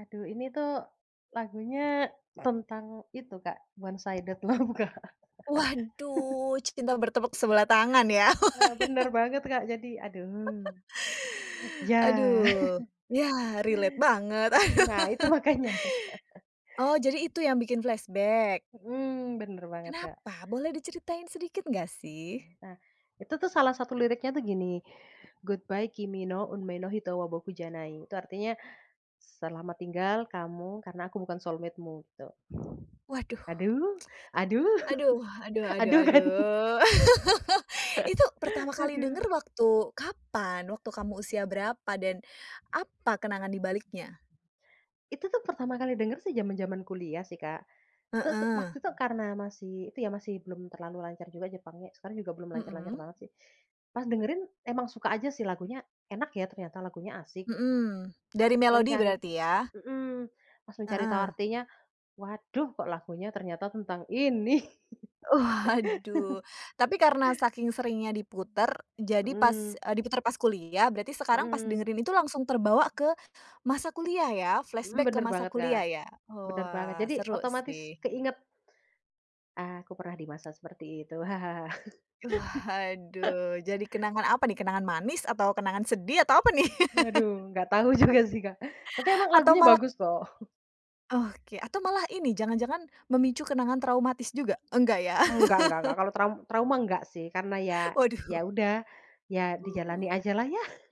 Aduh, ini tuh, lagunya tentang itu, Kak, one sided love, Kak. Waduh! C cinta bertepuk sebelah tangan, ya? Nah, bener banget, Kak. Jadi, aduh. Ya. Aduh. Ya, relate banget. Nah, itu makanya. Oh, jadi itu yang bikin flashback? Mhm, bener banget, Kak. Kenapa? Boleh diceritain sedikit, nggak, sih? Nah, itu tuh salah satu liriknya tuh gini, "Goodbye kimi no unmei no hito wa boku janai". Itu artinya, "Selamat tinggal kamu, karena aku bukan soulmate-mu," gitu. Waduh. Aduh, aduh! Aduh! Aduh aduh Aduh, kan? aduh. Itu pertama kali Aduh. denger waktu kapan? Waktu kamu usia berapa? Dan, apa kenangan di baliknya? Itu tuh, pertama kali denger sih, jaman-jaman kuliah sih, Kak. Terus, waktu Heeh. itu, karena masih itu ya, masih belum terlalu lancar juga jepangnya- sekarang juga belum lancar-lancar Mhm. banget, sih- pas dengerin, emang suka aja, sih. Lagunya enak, ya, ternyata, lagunya asik. Mhm. Dari Langsung melodi cari berarti, ya? mhm. Langsung cari tahu Heeh. artinya. "Waduh! Kok lagunya ternyata tentang ini!" Waduh. Tapi karena saking seringnya diputer, jadi pas Mhm. eee, diputer pas kuliah, berarti sekarang, pas Mhm. dengerin itu langsung terbawa ke masa kuliah, ya? Mhm, Flashback ke bener masa banget, Kak. kuliah, ya? Bener banget. Wah, Jadi, seru otomatis sih. keinget. Ah, aku pernah di masa seperti itu, hahaha. Waduh, jadi kenangan apa, nih? Kenangan manis, atau kenangan sedih, atau apa, nih? Waduh, nggak tahu juga sih, Kak. Tapi emang Atau lagunya malah k bagus, kok. Oke, atau malah ini, jangan-jangan memicu kenangan traumatis juga? Enggak, ya? Enggak enggak enggak. Kalau tram trauma, enggak sih. Karena ya, ya, Waduh. udah. Ya, dijalani ajalah, ya?